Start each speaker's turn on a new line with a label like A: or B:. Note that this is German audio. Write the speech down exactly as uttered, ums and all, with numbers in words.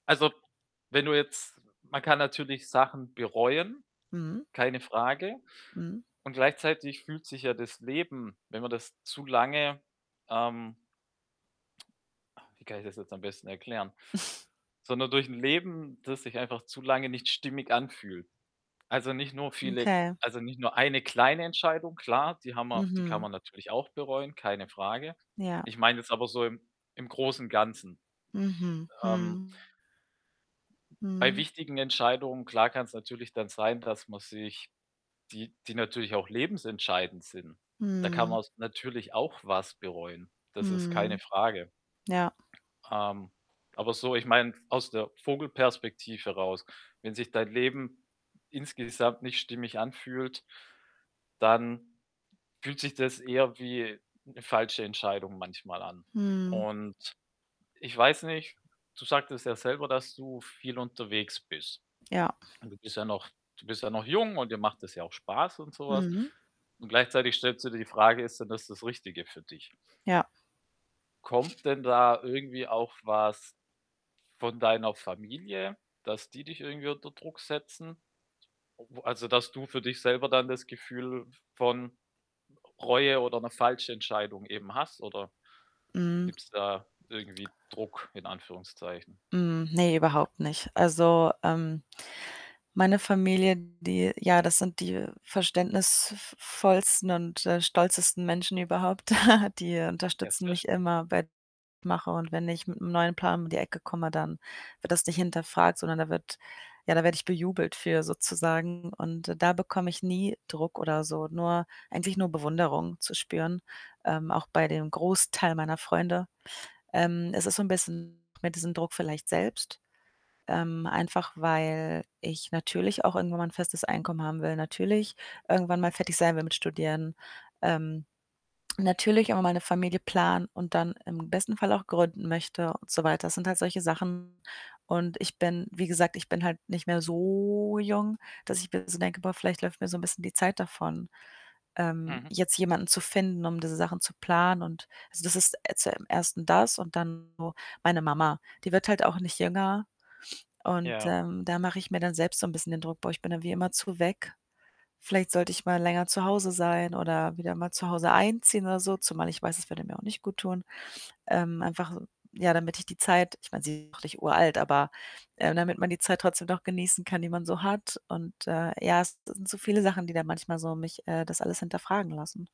A: Also, wenn du jetzt man kann natürlich Sachen bereuen,
B: Mhm.
A: keine Frage.
B: Mhm.
A: Und gleichzeitig fühlt sich ja das Leben, wenn man das zu lange, ähm ah, wie kann ich das jetzt am besten erklären? Sondern durch 'n Leben, das sich einfach zu lange nicht stimmig anfühlt. Also, nicht nur viele
B: Okay.
A: also, nicht nur eine kleine Entscheidung, klar, die haben wir die kann
B: Mhm.
A: man natürlich auch bereuen, keine Frage.
B: Ja.
A: Ich meine jetzt aber so im im Großen, Ganzen.
B: Mhm,
A: Ähm
B: mhm.
A: bei
B: Mhm.
A: wichtigen Entscheidungen, klar kann's natürlich dann sein, dass man sich die die natürlich auch lebensentscheidend sind. Da kann
B: Mhm.
A: man's natürlich auch was bereuen. Das ist keine
B: Mhm.
A: Frage.
B: Ja.
A: Ähm, aber so, ich meine aus der Vogelperspektive raus, wenn sich dein Leben insgesamt nicht stimmig anfühlt, dann fühlt sich das eher wie 'ne falsche Entscheidung manchmal an.
B: Mhm.
A: Und ich weiß nicht, du sagtest ja selber, dass du viel unterwegs bist.
B: Ja.
A: Und du bist ja noch du bist ja noch jung und dir macht es ja auch Spaß und so was.
B: Mhm.
A: Und gleichzeitig stellst du dir die Frage, ist denn das das Richtige für dich?
B: Ja.
A: Kommt denn da irgendwie auch was von deiner Familie, dass die dich irgendwie unter Druck setzen? O also, dass du für dich selber dann das Gefühl v von R Reue oder 'ne falsche Entscheidung eben hast oder
B: Mhm.
A: gibt's da irgendwie Druck in Anführungszeichen?
B: Hm, ne, überhaupt nicht. Also, ähm, meine Familie, die ja, das sind die verständnisv vollsten und, äh, stolzesten Menschen überhaupt, die, äh,
A: Ja,
B: unterstützen
A: sehr
B: mich
A: schön.
B: immer bei mache. Und wenn ich mit 'nem neuen Plan um die Ecke komme, dann wird das nicht hinterfragt, sondern da wird ja, da werde ich bejubelt für sozusagen. Und da bekomme ich nie Druck oder so, nur eigentlich nur Bewunderung zu spüren, ähm, auch bei dem Großteil meiner Freunde. Ähm, es ist so 'n bisschen mit diesem Druck vielleicht selbst, ähm, einfach weil ich natürlich auch irgendwann mal 'n festes Einkommen haben will, natürlich irgendwann mal fertig sein will mit Studieren. Ähm, natürlich immer meine Familie planen und dann im besten Fall auch gründen möchte und so weiter. Das sind halt solche Sachen und ich bin, wie gesagt ich bin halt nicht mehr so jung, dass ich mir so denke: „Boah, vielleicht läuft mir so 'n bisschen die Zeit davon, ähm,
A: Mhm.
B: jetzt jemanden zu finden, um diese Sachen zu planen.“ Und, also, das ist äh, zum Ersten das und dann so meine Mama. Die wird halt auch nicht jünger und,
A: Ja.
B: ähm, da mache ich mir dann selbst so 'n bisschen den Druck: „Boah, ich bin dann wie immerzu weg. Vielleicht sollte ich mal länger zu Hause sein oder wieder mal zu Hause einziehen oder so“, zumal ich weiß, es würde mir auch nicht guttun. Ähm, einfach so, ja, damit ich die Zeit ich meine, sie auch nicht uralt, aber, äh, damit man die Zeit trotzdem noch genießen kann, die man so hat. Und, äh, ja, es sind so viele Sachen, die dann manchmal so mich, äh, das alles hinterfragen lassen.